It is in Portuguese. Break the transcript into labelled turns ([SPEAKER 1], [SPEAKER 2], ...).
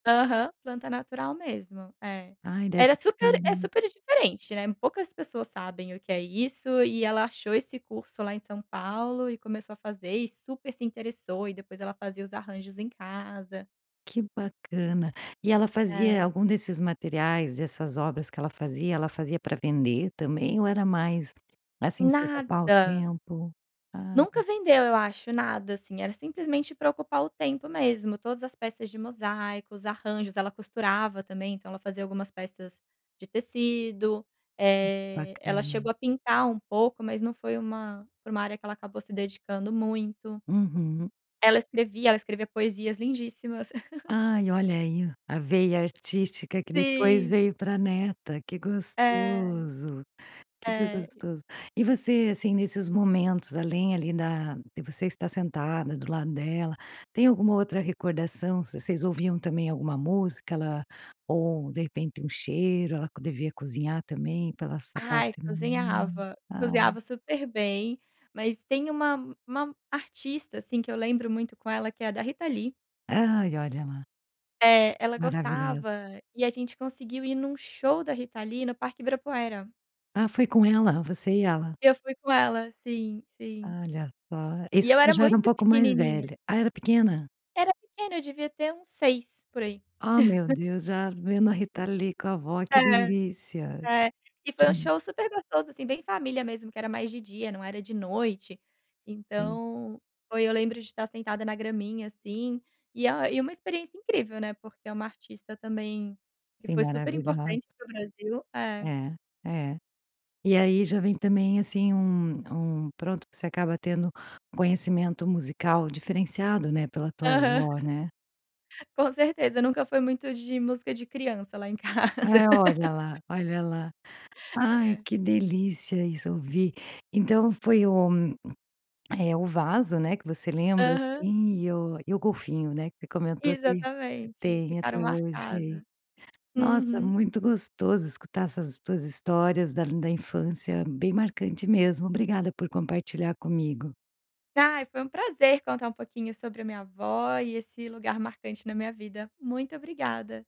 [SPEAKER 1] Aham, planta natural mesmo, é.
[SPEAKER 2] Ai, deve
[SPEAKER 1] Era
[SPEAKER 2] ficar
[SPEAKER 1] super é
[SPEAKER 2] lindo.
[SPEAKER 1] super diferente, né, poucas pessoas sabem o que é isso, e ela achou esse curso lá em São Paulo, e começou a fazer, e super se interessou, e depois ela fazia os arranjos em casa.
[SPEAKER 2] Que bacana. E ela fazia
[SPEAKER 1] É.
[SPEAKER 2] algum desses materiais, dessas obras que ela fazia, ela fazia pra vender também ou era mais, assim, pra ocupar o
[SPEAKER 1] Nada.
[SPEAKER 2] tempo?
[SPEAKER 1] Nunca
[SPEAKER 2] Ai.
[SPEAKER 1] vendeu, eu acho, nada, assim, era simplesmente pra ocupar o tempo mesmo, todas as peças de mosaico, arranjos. Ela costurava também, então ela fazia algumas peças de tecido, eh, ela chegou
[SPEAKER 2] Bacana.
[SPEAKER 1] a pintar um pouco, mas não foi uma pra uma área que ela acabou se dedicando muito.
[SPEAKER 2] Uhum.
[SPEAKER 1] Ela escrevia, ela escrevia poesias lindíssimas.
[SPEAKER 2] Ai, olha aí, a veia artística que depois
[SPEAKER 1] Sim.
[SPEAKER 2] veio pra neta, que
[SPEAKER 1] É.
[SPEAKER 2] gostoso, que
[SPEAKER 1] É e
[SPEAKER 2] gostoso. E você, assim, nesses momentos, além, ali, da de você estar sentada do lado dela, tem alguma outra recordação, v vocês ouviam também alguma música ela ou, de repente, um cheiro, ela co devia cozinhar também, pela essa
[SPEAKER 1] Ai,
[SPEAKER 2] parte [unintelligible]
[SPEAKER 1] cozinhava,
[SPEAKER 2] ah.
[SPEAKER 1] cozinhava super bem, mas tem uma uma artista, assim, que eu lembro muito com ela, que é a da Rita Lee.
[SPEAKER 2] Ai, olha lá.
[SPEAKER 1] É, ela
[SPEAKER 2] Maravilhosa.
[SPEAKER 1] gostava e a gente conseguiu ir num show da Rita Lee no parque Ibirapuera.
[SPEAKER 2] Ah, foi com ela? Você e ela.
[SPEAKER 1] Eu fui com ela. Sim, sim.
[SPEAKER 2] Olha só, isso
[SPEAKER 1] E eu
[SPEAKER 2] você
[SPEAKER 1] era
[SPEAKER 2] já era uma
[SPEAKER 1] muito
[SPEAKER 2] pouco mais
[SPEAKER 1] pequenininha.
[SPEAKER 2] velha. Ah, era pequena?
[SPEAKER 1] Era pequena, eu devia ter uns 6, por aí.
[SPEAKER 2] Ah meu Deus, já vendo a Rita Lee com a vó, que
[SPEAKER 1] É,
[SPEAKER 2] delícia.
[SPEAKER 1] é. E
[SPEAKER 2] Que
[SPEAKER 1] foi um
[SPEAKER 2] d
[SPEAKER 1] show super gostoso, assim, bem família mesmo, que era mais de dia, não era de noite.
[SPEAKER 2] Sim.
[SPEAKER 1] Então, foi eu lembro de estar sentada na graminha, assim, e a e uma experiência incrível, né, porque é uma artista também, que
[SPEAKER 2] Sim,
[SPEAKER 1] foi super importante
[SPEAKER 2] maravilhosa.
[SPEAKER 1] para o Brasil. É.
[SPEAKER 2] É, é. E aí já vem também, assim, um um, pronto, que você acaba tendo conhecimento musical diferenciado, né, pela tua
[SPEAKER 1] Aham.
[SPEAKER 2] vó, né.
[SPEAKER 1] Com certeza, nunca foi muito de música de criança lá em casa.
[SPEAKER 2] É, olha lá, olha lá. Ai,
[SPEAKER 1] É.
[SPEAKER 2] que delícia isso, eu vi. Então foi o, eh, o vaso, né, que você lembra,
[SPEAKER 1] Aham.
[SPEAKER 2] assim, e o e o golfinho, né, que você comentou que
[SPEAKER 1] Exatamente,
[SPEAKER 2] tem
[SPEAKER 1] ficaram
[SPEAKER 2] até hoje aí.
[SPEAKER 1] marcados.
[SPEAKER 2] Nossa,
[SPEAKER 1] Uhum.
[SPEAKER 2] muito gostoso escutar essas tuas histórias da da infância, bem marcante mesmo, obrigada por compartilhar comigo.
[SPEAKER 1] Ai, foi um prazer contar um pouquinho sobre a minha vó e esse lugar marcante na minha vida. Muito obrigada.